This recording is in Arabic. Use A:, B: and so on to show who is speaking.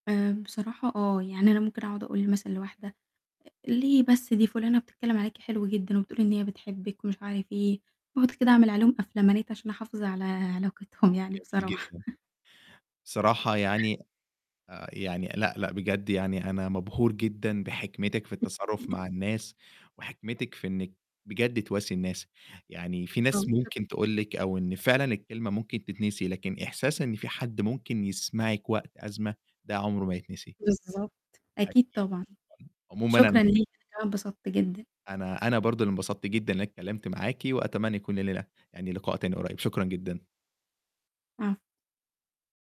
A: آآ، بصراحة آه، يعني أنا ممكن أقعُد أقول مثلًا لواحدة آآ، ليه بس دي فُلانه بتتكلّم عليكِ حلوة جدًا وبتقول إن هي بتحبِّك ومش عارف إيه، باقعُد كده أعمل عليهم أفلامانات عشان أحافظ على علاقتهم يعني
B: جميل
A: بصراحة.
B: جدًا. بصراحة يعني آآ، يعني لأ، لأ، بجد يعني أنا مبهور جدًا بحكمتِك في التصرُّف
A: [unintelligible]
B: مع الناس، وحكمتِك في إنِّك بجد تواسي الناس، يعني في ناس
A: [unintelligible] شكرًا.
B: ممكن تقول لِك أو إن فعلًا الكلمة ممكن تتنسي، لكن إحساس إن في حد ممكن يسمعِك وقت أزمة ده عُمره ما يتنسي.
A: بالضبط. أكيد
B: أكيد،
A: طبعًا.
B: [unintelligible] عمومًا أن
A: شكرًا ليك، أنا كمان اتبسطت جدًا.
B: أنا أنا برضه اللي انبسطت جدًا إن أنا اتكلّمت معاكِ، وأتمنى يكون لينا يعني لقاء تاني قريّب، شكرًا جدًا.
A: عفوًا.